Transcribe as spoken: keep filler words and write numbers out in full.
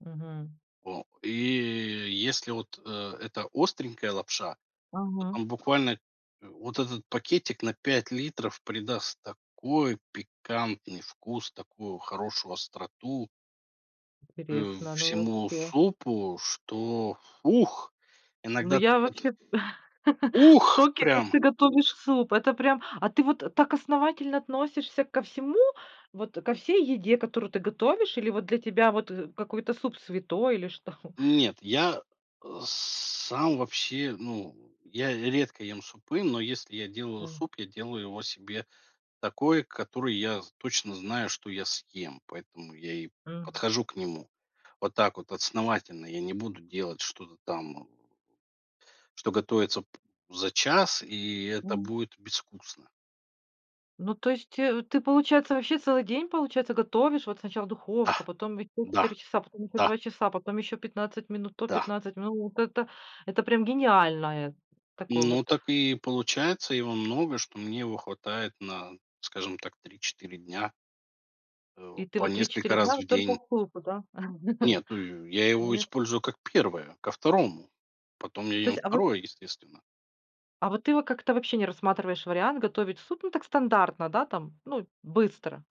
Мгм. О. И если вот, э, это остренькая лапша, то Мгм. там буквально вот этот пакетик на пять литров придаст такой пикантный вкус, такую хорошую остроту э, Интересно оно всему вообще. супу, что "Ух." Ну Иногда так я это вообще в "Ух" шоке, как прям. ты готовишь суп! Это прям а ты вот так основательно относишься ко всему, вот ко всей еде, которую ты готовишь? Или вот для тебя вот какой-то суп святой или что? Нет, я, э, сам вообще, ну, я редко ем супы. Но если я делаю М. суп, я делаю его себе такой, который я з точно знаю, что я съем. Поэтому я и Мгм. подхожу к нему вот так вот основательно. Я не буду делать что-то там что готовится п за час, и это М. будет безвкусно. Ну, то есть ты, получается, вообще целый день, получается, готовишь? Вот сначала Да. духовка, потом еще Да. четыре часа, потом еще Да. два часа, потом еще пятнадцать минут, то Да. пятнадцать минут. Вот это- это прям гениальное такое Ну, вот. так и получается. Его много, что мне его хватает на, скажем так, три четыре дня. Э, И ты по вот три несколько четыре дня раз в вот только день. супы, да? Нет, ну я его Нет? использую как первое, ко второму. Потом я То ем есть, а вот второе, естественно. а вот ты во как-то вообще не рассматриваешь вариант готовить суп, ну так, стандартно, да, там, ну, быстро?